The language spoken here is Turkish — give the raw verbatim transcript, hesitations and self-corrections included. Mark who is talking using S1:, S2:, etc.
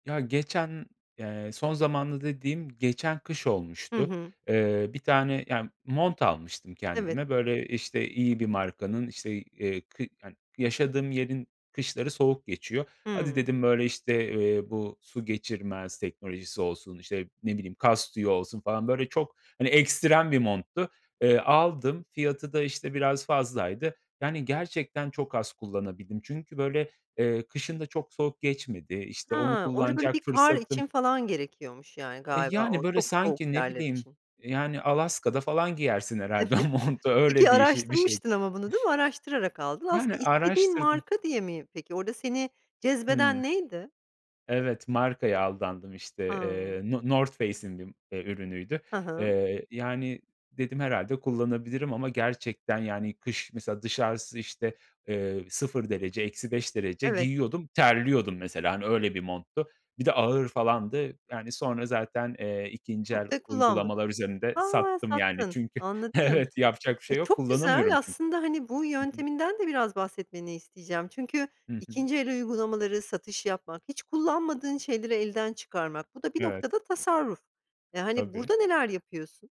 S1: Ya, geçen eee, son zamanda dediğim geçen kış
S2: Hı
S1: olmuştu.
S2: hı.
S1: Eee, bir tane ya, mont almıştım
S2: Evet.
S1: kendime. Böyle, işte, iyi bir markanın, işte, eee, kı yani, yaşadığım yerin kışları soğuk geçiyor. Hadi
S2: Hıı.
S1: dedim, böyle, işte, eee, bu su geçirmez teknolojisi olsun, işte, ne bileyim, kaz tüyü olsun falan böyle çok, hani, ekstrem bir monttu. Eee, aldım, fiyatı da, işte, biraz fazlaydı. Yani gerçekten çok az kullanabildim çünkü, böyle, eee, kışın da çok soğuk geçmedi. İşte, onu
S2: Ha! Orada, böyle,
S1: kullanacak
S2: bir kar
S1: fırsatım
S2: için falan gerekiyormuş, yani,
S1: E,
S2: galiba o
S1: yani, böyle,
S2: çok soğuk
S1: sanki, ne
S2: yerler
S1: bileyim,
S2: için.
S1: e, yani, Alaska'da falan giyersin herhâlde
S2: Evet.
S1: o montu.
S2: Peki
S1: Öyle bir ş bir şey.
S2: araştırmıştın ama bunu, değil mi? Araştırarak aldın.
S1: Yani,
S2: Aslında istediğin
S1: araştırdım
S2: marka diye mi peki, orada seni
S1: Hımm.
S2: cezbeden neydi?
S1: Evet, markaya aldandım işte,
S2: A!
S1: eee, no Northface'in bir, eee, ürünüydü.
S2: Hı hı.
S1: Eee, yani, dedim, "Herhâlde kullanabilirim." ama gerçekten, yani, kış mesela dışarısı, işte, eee, sıfır derece, eksi beş derece;
S2: Evet.
S1: giyiyordum, terliyordum mesela, hani, öyle bir monttu. Bir de ağır falandı. Yani, sonra zaten, eee, ikinci el
S2: Çok da kullanmadın.
S1: uygulamalar üzerinde
S2: Ha!
S1: sattım yani
S2: Sattın.
S1: çünkü
S2: Anladım.
S1: Evet, yapacak bir
S2: Eee,
S1: şey yok,
S2: çok güzel.
S1: kullanamıyorum çü
S2: Aslında, hani, bu
S1: Hı hı.
S2: yönteminden de biraz bahsetmeni isteyeceğim. Çünkü
S1: Hı hı.
S2: ikinci el uygulamaları, satış yapmak, hiç kullanmadığın şeyleri elden çıkarmak. Bu da bir
S1: Evet.
S2: noktada tasarruf. Eee, hani,
S1: Tabii.
S2: burada neler yapıyorsun?